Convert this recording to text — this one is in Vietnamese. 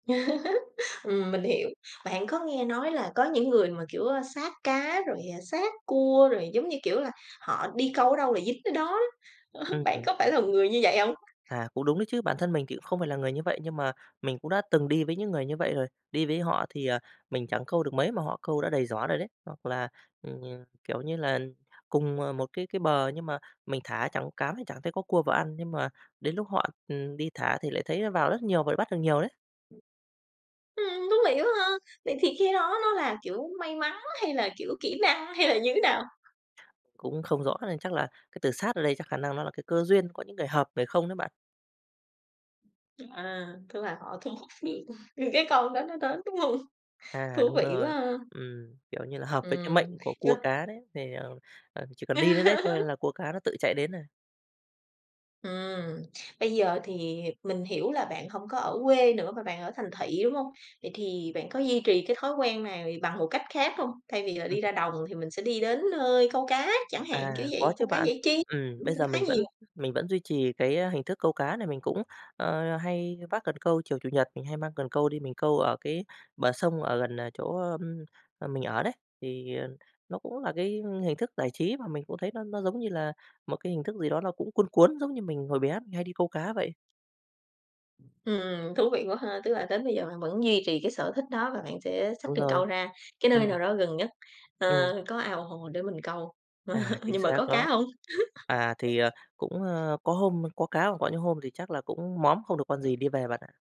Ừm, mình hiểu. Bạn có nghe nói là có những người mà kiểu, ơ, sát cá rồi, ờ, sát cua rồi, giống như, kiểu là, họ đi câu ở đâu là dính tới đó. Ừm Bạn hưm. có phải là một người như vậy hông? À, cũng đúng đấy chứ, bản thân mình thì cũng không phải là người như vậy nhưng mà mình cũng đã từng đi với những người như vậy rồi. Đi với họ thì, ờ, mình chẳng câu được mấy mà họ câu đã đầy giỏ rồi đấy. Hoặc là, ừm, kiểu như là, cùng, ờ, một cái cái bờ nhưng mà mình thả chẳng cám, chả thấy có cua vào ăn nhưng mà đến lúc họ, ừm, đi thả thì lại thấy nó vào rất nhiều và bắt được nhiều đấy. Ừm, thú vị quá ha! Vậy thì cái đó nó là, kiểu, may mắn hay là, kiểu, kỹ năng hay là như thế nào? Cũng không rõ nên chắc là cái từ "sát" ở đây chắc khả năng nó là cái cơ duyên, có những người hợp, người không đấy bạn. À, tức là họ thu hút những những cái con đó nó tới, đúng không? Thú À đúng vị quá rồi, ha. ừm, kiểu như là, hợp với cái mệnh Ừm, của chớ cua cá đấy thì, ờ, ờ, chỉ cần đi đến đấy thôi là cua cá nó tự chạy đến rồi. Ừm, bây giờ thì mình hiểu là bạn hông có ở quê nữa mà bạn ở thành thị, đúng hông? Vậy thì bạn có duy trì cái thói quen này bằng một cách khác hông? Thay vì là Ừm. đi ra đồng thì mình sẽ đi đến nơi câu cá chẳng hạn, kiểu À, có vậy, chứ câu cá bạn. giải trí, Ừm, cũng bây cũng giờ khá mình nhiều. vẫn mình vẫn duy trì cái, ơ, hình thức câu cá này, mình cũng, ờ, hay vác cần câu chiều Chủ nhật mình hay mang cần câu đi mình câu ở cái bờ sông ở gần, à, chỗ, ưm, à, mình ở đấy. Thì nó cũng là cái hình thức giải trí mà mình cũng thấy nó nó giống như là một cái hình thức gì đó nó cũng cuốn cuốn, giống như mình hồi bé mình hay đi câu cá vậy. Ừm, thú vị quá ha, tức là đến bây giờ bạn vẫn duy trì cái sở thích đó và bạn sẽ xách Đúng cần rồi, câu ra cái nơi ừm. nào đó gần nhất, ờ, Ừm. có ao hồ để mình câu. À, chính Nhưng mà xác có đó. cá hông? À, thì, ờ, cũng, ơ, có hôm có cá còn có những hôm thì chắc là cũng móm, không được con gì, đi về bạn ạ.